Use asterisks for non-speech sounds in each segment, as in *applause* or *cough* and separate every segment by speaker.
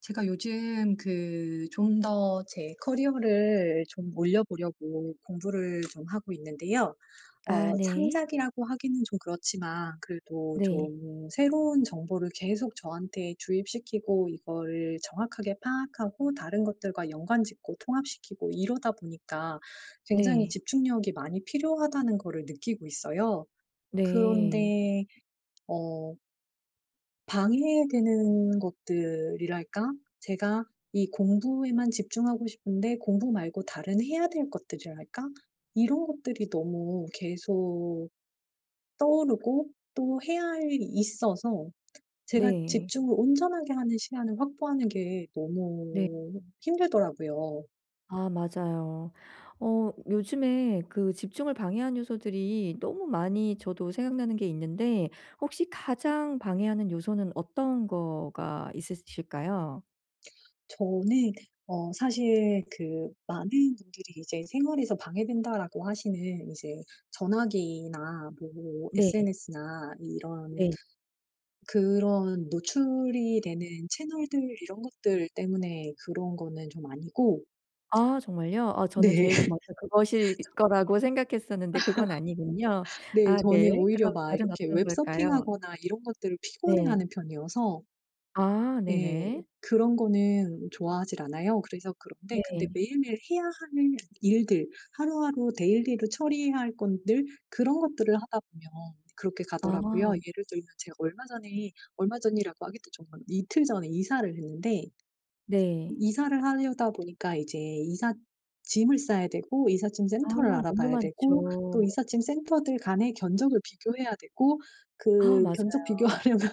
Speaker 1: 제가 요즘 그 좀 더 제 커리어를 좀 올려 보려고 공부를 좀 하고 있는데요.
Speaker 2: 아
Speaker 1: 어
Speaker 2: 네.
Speaker 1: 창작이라고 하기는 좀 그렇지만 그래도
Speaker 2: 네.
Speaker 1: 좀 새로운 정보를 계속 저한테 주입시키고 이거를 정확하게 파악하고 다른 것들과 연관 짓고 통합시키고 이러다 보니까 굉장히
Speaker 2: 네.
Speaker 1: 집중력이 많이 필요하다는 거를 느끼고 있어요.
Speaker 2: 네.
Speaker 1: 그런데 어 방해되는 것들이랄까? 제가 이 공부에만 집중하고 싶은데 공부 말고 다른 해야 될 것들이랄까? 이런 것들이 너무 계속 떠오르고 또 해야 할 일이 있어서 제가
Speaker 2: 네.
Speaker 1: 집중을 온전하게 하는 시간을 확보하는 게
Speaker 2: 네.
Speaker 1: 너무 힘들더라고요.
Speaker 2: 아 맞아요. 어 요즘에 그 집중을 방해하는 요소들이 너무 많이 저도 생각나는 게 있는데 혹시 가장 방해하는 요소는 어떤 거가 있으실까요?
Speaker 1: 저는 어 사실 그 많은 분들이 이제 '생활에서 방해된다.'라고 하시는 이제 전화기나 뭐
Speaker 2: 네.
Speaker 1: SNS나 이런
Speaker 2: 네.
Speaker 1: 그런 노출이 되는 채널들 이런 것들 때문에 그런 거는 좀 아니고
Speaker 2: 아 정말요? 어 저는
Speaker 1: 네. *laughs* *unintelligible*
Speaker 2: 제일 저한테 그것일 거라고 생각했었는데 그건 아니군요.
Speaker 1: *laughs* 네.
Speaker 2: 아 네.
Speaker 1: 저는
Speaker 2: 그럼
Speaker 1: 오히려 막
Speaker 2: 다른
Speaker 1: 이렇게
Speaker 2: 어떤
Speaker 1: 웹
Speaker 2: 걸까요?
Speaker 1: 서핑하거나 이런 것들을 피곤해
Speaker 2: 네.
Speaker 1: 하는 편이어서
Speaker 2: 아
Speaker 1: 예.
Speaker 2: 네네.
Speaker 1: 그런 거는 좋아하지를 않아요. 그래서 그런데 근데
Speaker 2: 네.
Speaker 1: 매일매일 해야 하는 일들, 하루하루 데일리로 처리해야 할 건들 그런 것들을 하다 보면 그렇게 가더라고요.
Speaker 2: 아.
Speaker 1: 예를 들면 제가 얼마 전에 얼마 전이라고 하기도 좀 그런데 이틀 전에 이사를 했는데
Speaker 2: 네.
Speaker 1: 이사를 하려다 보니까 이제 이삿짐을 싸야 되고 이삿짐
Speaker 2: 아
Speaker 1: 센터를
Speaker 2: 너무
Speaker 1: 알아봐야 되고 또
Speaker 2: 많죠.
Speaker 1: 이삿짐 센터들 간의 견적을 비교해야 되고
Speaker 2: 아
Speaker 1: 그 견적
Speaker 2: 맞아요.
Speaker 1: 비교하려면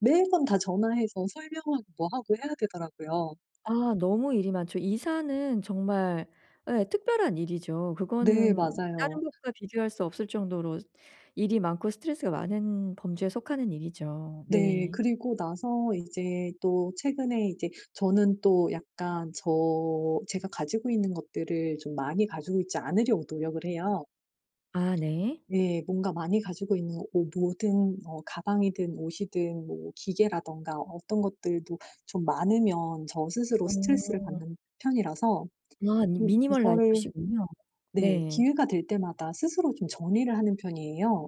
Speaker 1: 매번 다 전화해서 설명하고 뭐 하고 해야 되더라고요.
Speaker 2: 아 너무 일이 많죠. 이사는 정말 예 특별한 일이죠.
Speaker 1: 네.
Speaker 2: 그거는
Speaker 1: 맞아요.
Speaker 2: 다른 것과 비교할 수 없을 정도로 일이 많고 스트레스가 많은 범주에 속하는 일이죠.
Speaker 1: 네.
Speaker 2: 네.
Speaker 1: 그리고 나서 이제 또 최근에 이제 저는 또 약간 저 제가 가지고 있는 것들을 좀 많이 가지고 있지 않으려고 노력을 해요.
Speaker 2: 아 네.
Speaker 1: 네. 뭔가 많이 가지고 있는 어 모든 어 가방이든 옷이든 뭐 기계라든가 어떤 것들도 좀 많으면 저 스스로 스트레스를
Speaker 2: 어.
Speaker 1: 받는 편이라서
Speaker 2: 와. 미
Speaker 1: 음
Speaker 2: 미니멀
Speaker 1: 이거를
Speaker 2: 라이프시군요.
Speaker 1: 네.
Speaker 2: 네.
Speaker 1: 기회가 될 때마다 스스로 좀 정리를 하는 편이에요.